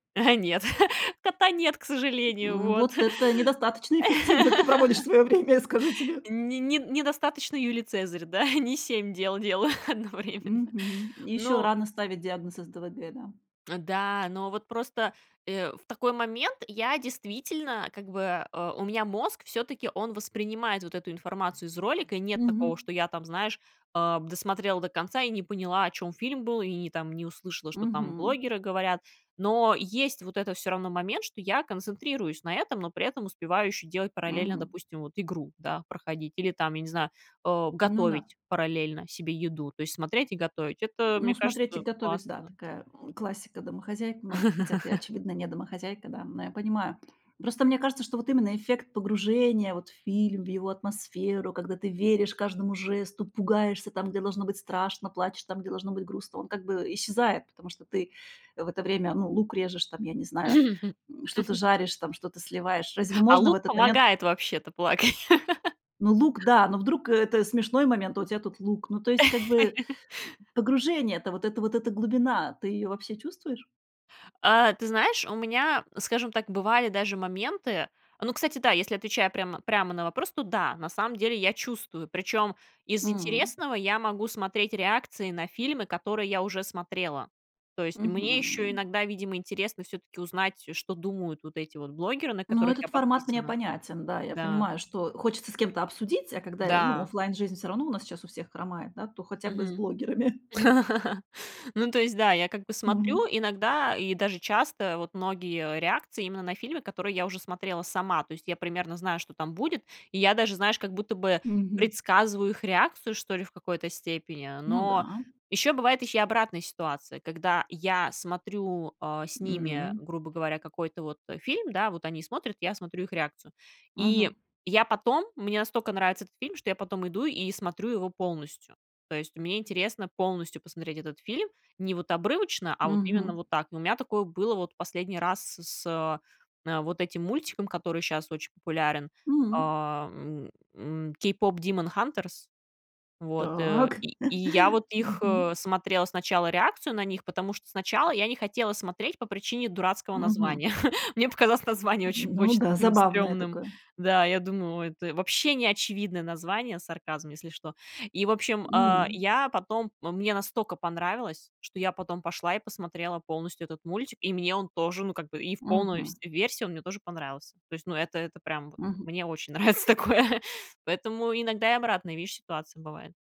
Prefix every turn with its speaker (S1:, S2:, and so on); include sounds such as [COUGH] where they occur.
S1: Э, нет, [CHUCKLES] кота нет, к сожалению,
S2: М,
S1: вот.
S2: вот
S1: [INHALES]
S2: это недостаточно эффективно ты проводишь
S1: [LAUGHS]
S2: своё время, я скажу тебе.
S1: Не не недостаточно. Юлий Цезарь, да, [CHUCKLES] не 7 дел делаю одновременно.
S2: Мгм, ещё
S1: Но
S2: рано ставить диагноз СДВГ, да.
S1: Э, да, но вот просто, э, в такой момент я действительно, как бы, а, у меня мозг всё-таки он воспринимает вот эту информацию из ролика, и нет
S2: Мгм.
S1: такого, что я там, знаешь, а, досмотрела до конца и не поняла, о чём фильм был, и и там не услышала, что там
S2: Мгм.
S1: блогеры говорят. Но есть вот этот, всё равно, момент, что я концентрируюсь на этом, но при этом успеваю ещё делать параллельно,
S2: Мгм.
S1: допустим, вот игру, да, проходить или там, я не знаю, а,
S2: Ну да.
S1: готовить параллельно себе еду, то есть смотреть и готовить. Это,
S2: Ну,
S1: мне
S2: смотреть и
S1: кажется,
S2: готовить,
S1: классно,
S2: да,-
S1: да.
S2: такая, м, классика домохозяек многих, хотя ты,
S1: [LAUGHS]
S2: очевидно, не домохозяйка, да, но я понимаю. Ну, просто мне кажется, что вот именно эффект погружения вот в фильм, в его атмосферу, когда ты веришь каждому жесту, пугаешься там, где должно быть страшно, плачешь там, где должно быть грустно, он как бы, э, исчезает, потому что ты в это время, ну, лук режешь там, я не знаю, м, что-то
S1: [LAUGHS]
S2: жаришь, там, что-то сливаешь. Разве
S1: А
S2: можно в
S1: лук
S2: этот момент
S1: помогает вообще-то плакать.
S2: Ну, лук,
S1: [LAUGHS]
S2: да, но вдруг, э, это смешной момент, а у тебя тут лук. Ну, то есть, как бы,
S1: [LAUGHS]
S2: погружение, это вот эта вот эта глубина, ты её вообще чувствуешь?
S1: А, ты знаешь, у меня, скажем так, бывали даже моменты Ну, кстати, да, если я отвечаю прямо прямо на вопрос, то да, на самом деле я чувствую. Причём из
S2: М.
S1: интересного я могу смотреть реакции на фильмы, которые я уже смотрела. То есть, мне ещё
S2: Мгм.
S1: иногда, видимо, интересно всё-таки узнать, э, что думают вот эти вот блогеры, на
S2: Ну,
S1: которых
S2: этот
S1: я
S2: формат мне
S1: подписана.
S2: понятен. Да, я
S1: Да.
S2: понимаю, что хочется с кем-то обсудить, а когда, э, ну,
S1: Да.
S2: офлайн-жизнь всё равно у нас сейчас у всех хромает, да, то хотя бы с
S1: Мгм.
S2: блогерами. [CHUCKLES]
S1: [LAUGHS] Ну, то есть, да, я как бы
S2: Мгм.
S1: смотрю иногда и даже часто вот многие реакции именно на фильмы, которые я уже смотрела сама. То есть, я примерно знаю, что там будет. И я даже, знаешь, как будто бы
S2: Мгм.
S1: предсказываю их реакцию, что ли, в какой-то степени.
S2: Ну
S1: Но
S2: да.
S1: ещё бывает и обратная ситуация, когда я смотрю, а, с ними,
S2: М.
S1: грубо говоря, какой-то вот, э, фильм, да, вот они смотрят, я смотрю их реакцию. И
S2: Мгм.
S1: я потом, мне настолько нравится этот фильм, что я потом иду и смотрю его полностью. То есть, мне интересно полностью посмотреть этот фильм не вот обрывочно, а вот именно
S2: Мгм.
S1: вот так. Но у меня такое было вот последний раз с с э, а, вот этим мультиком, который щас очень популярен.
S2: М.
S1: А, м, м, "Кейпопдимонхантерс". Вот, э,
S2: Так.
S1: и и я вот
S2: [CHUCKLES]
S1: их,
S2: Мгм.
S1: смотрела сначала, реакцию на них, потому что сначала я не хотела смотреть по причине дурацкого
S2: Мгм.
S1: названия. [CHUCKLES] Мне показалось название
S2: М,
S1: очень
S2: ну
S1: очень
S2: да,
S1: таким
S2: забавное
S1: стрёмным.
S2: такое.
S1: Да, я думаю: "Ой, это вообще неочевидное название". Сарказм, если что. И, в общем, а,
S2: М.
S1: я потом мне настолько понравилось, что я потом пошла и посмотрела полностью этот мультик, и мне он тоже, ну, как бы и в полной,
S2: Мгм.
S1: всь версии он мне тоже понравился. То есть, ну, это это прям, вот
S2: Мгм.
S1: мне очень нравится такое, поэтому иногда и обратные, видишь, ситуации бывают.